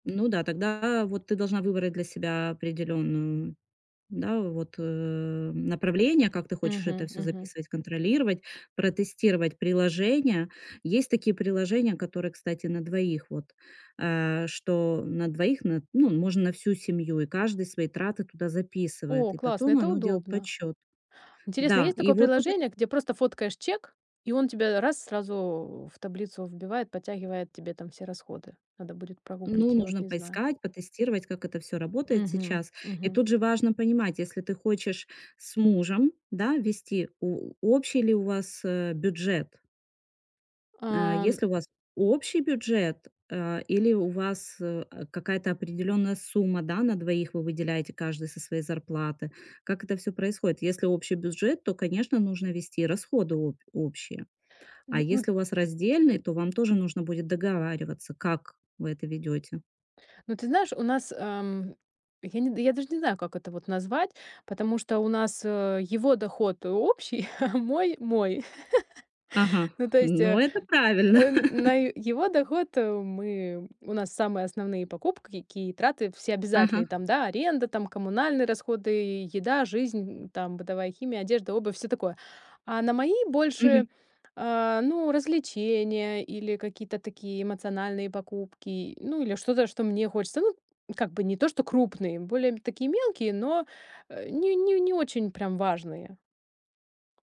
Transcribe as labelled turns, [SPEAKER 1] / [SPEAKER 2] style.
[SPEAKER 1] Ну да, тогда вот ты должна выбрать для себя определённую, да, вот, э, направление, как ты хочешь
[SPEAKER 2] Мгм
[SPEAKER 1] это всё
[SPEAKER 2] мгм.
[SPEAKER 1] записывать, контролировать, протестировать приложения. Есть такие приложения, которые, кстати, на двоих вот. А что на двоих? Н ну, можно на всю семью, и каждый свои траты туда
[SPEAKER 2] О,
[SPEAKER 1] записывает, и
[SPEAKER 2] классно,
[SPEAKER 1] потом
[SPEAKER 2] это
[SPEAKER 1] оно делает
[SPEAKER 2] удобно.
[SPEAKER 1] подсчёт.
[SPEAKER 2] Интересно,
[SPEAKER 1] Да,
[SPEAKER 2] есть
[SPEAKER 1] и
[SPEAKER 2] такое
[SPEAKER 1] вот тут ы
[SPEAKER 2] приложение, где просто фоткаешь чек, и он тебе раз сразу в таблицу вбивает, подтягивает тебе там все расходы. Надо будет прогуглить,
[SPEAKER 1] Ну,
[SPEAKER 2] я вот
[SPEAKER 1] нужно
[SPEAKER 2] не знаю.
[SPEAKER 1] поискать, потестировать, как это всё работает
[SPEAKER 2] Мгм
[SPEAKER 1] сейчас. И
[SPEAKER 2] мгм.
[SPEAKER 1] тут же важно понимать, если ты хочешь с мужем, да, вести, о общий ли у вас, э, бюджет? А
[SPEAKER 2] Ам
[SPEAKER 1] если у вас общий бюджет, а, или у вас, э, какая-то определённая сумма, да, на двоих, вы выделяете каждый со своей зарплаты? Как это всё происходит? Если общий бюджет, то, конечно, нужно вести расходы обь общие, а
[SPEAKER 2] Ну ну
[SPEAKER 1] если у вас раздельный, то вам тоже нужно будет договариваться, как вы это ведёте.
[SPEAKER 2] Ну, ты знаешь, у нас, ам, я не д я даже не знаю, как это вот назвать, потому что у нас, э, его доход общий, а мой мой.
[SPEAKER 1] Ага,
[SPEAKER 2] Ну, то есть,
[SPEAKER 1] ну,
[SPEAKER 2] э
[SPEAKER 1] это правильно.
[SPEAKER 2] э, на его доход мы у нас самые основные покупки, какие траты все обязательные.
[SPEAKER 1] Ага.
[SPEAKER 2] Там, да, аренда, там, коммунальные расходы, еда, жизнь, там, бытовая химия, одежда, обувь, всё такое. А на мои
[SPEAKER 1] Мгм.
[SPEAKER 2] больше, а, ну, развлечения или какие-то такие эмоциональные покупки, ну, или что-то, что мне хочется, ну как бы, не то, что крупные, более, м, такие мелкие, но, э, не не не очень прям важные.